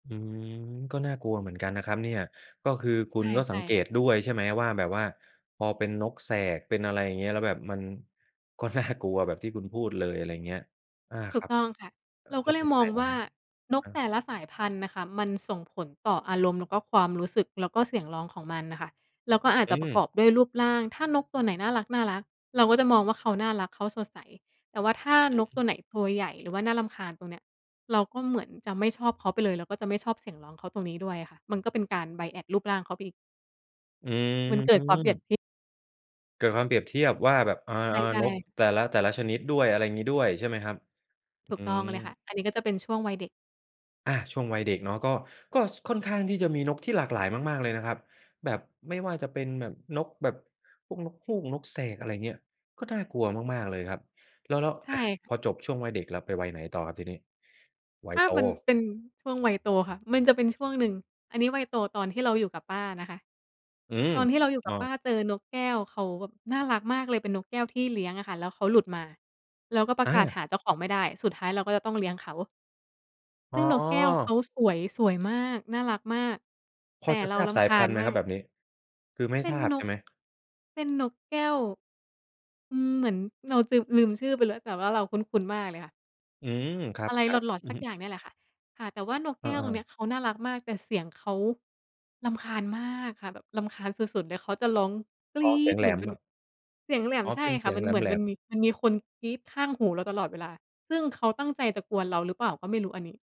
อืม ก็น่ากลัวเหมือนกันนะครับเนี่ย ก็คือคใุชณ่ ก็ใสชั่งเกค่ะ ตด้วยใช่ไหมว่า แบบว่าพอเป็นนกแสก เป็นอะไรอย่างเงี้ย แล้วแบบมันก็ น่า กลัวแบบที่คุณพูดเลย อะไรเงี้ย อา ถคูรักบ ต้องค่ะ เออ เราแกล็้วเลเป็ยนยัมงอไงงเหรวอ? ่า อนะกฮแตะ ่ละสายพันธุ์น่ะค่ะ มันส่งผลต่ออารมณ์ แล้วก็ความรู้สึก แล้วก็เสียงร้องของมันน่ะค่ะ แล้วก็อาจอืจะประกม อบด้วยรูปร่าง ถ้านกตัวไหนน่ารัก ๆ เราก็จะมองว่า เขาน่ารัก เขาสดใส แต่ว่าถ้านกอตัืม วไหนตัวใหญ่ หรือว่าน่ารำคาญ ตรงเนี้ย เราก็เหมือนจะไม่ชอบเขาไปเลย แล้วก็จะไม่ชอบเสียงร้องเขาตรงนี้ด้วยอะค่ะ มันก็เป็นการ Bias รูปร่างเขาไปอีก อืมันเกิดความเปรียบม ทิ เกิดความเปรียบเทียบว่า แบบ เออ ใชๆ ่ นกๆ แต่ละ แต่ละชนิดด้วยอะไรงี้ด้วย ใช่ไหมครับ? อืถูกต้องม เลยค่ะ อันนี้ก็จะเป็นช่วงวัยเด็ก อา ช่วงวัยเด็กเนาะ ก็ ก็ ส ค่อนข้างที่จะมีนกที่หลากหลายมาก ๆ เลยนะครับ แบบไม่ว่าจะเป็นแบบนก แบบพวกนกฮูก นกแสก อะไรเงี้ย ก็น่ากลัวมาก ๆ เลยครับ แล้ว แล้ว ใชอะ ่ พอจบช่วงวัยเด็ก เราไปวัยไหนต่อครับ ทีนี้? วัถย้าโต มันเป็น ช่วงวัยโตค่ะ มันจะเป็นช่วงหนึ่ง อันนี้วัยโตตอนที่เราอยู่กับป้านะคะ อืม ตอนที่เราอยู่กอั้บอ ป้าเจอนกแก้ว เขาแบบน่ารักมากเลย เป็นนกแก้วที่เลี้ยงอะค่ะ แล้วเขาหลุดมา แล้วก็ประอา กาศหาเจ้าของไม่ได้ สุดท้ายเราก็จะต้องเลี้ยงเขา อซ๋ึ่งนกแก้วเขอ าสวย สวยมาก น่ารักมาก แพตอ่จะเราทราบรสาำคยาพัญนธุ์ไหมมาครับ ก แบบนี้ คือไม่เป็ทนราบนใช่ก ไหม? เป็นนกแก้ว อืม เหมือนเราจืม ลืมชื่อไปแล้ว แต่ว่าเราคุ้น ๆ มากเลยค่ะ อืม ครัอบ ะไร ล็อต ๆ อืๆ สอักฮึ อย่างเนี่ยแหละค่ะ ค่ะ แต่ว่านกเแอก้วตรงเอ นี้ๆ ยเขาน่ารักมาก แต่เสียงเขา รำคาญมาก ค่ะ แบบรำคาญสุด ๆ เลย เขาจะร้อง "กอร๋อ ีเส๊ียด" งแเหลหมือนมเป็นเนแาบะ บ เสียงแหลม อ๋อ ใช่เป็นเคส่ีะ ยงมันแเหมือนหลมันม ๆ มี มันมีคนกรี๊ดข้างหูเราตลอดเวลา ซึ่งเขาตั้งใจจะกวนเราหรือเปล่าก็ไม่รู้ อันนี้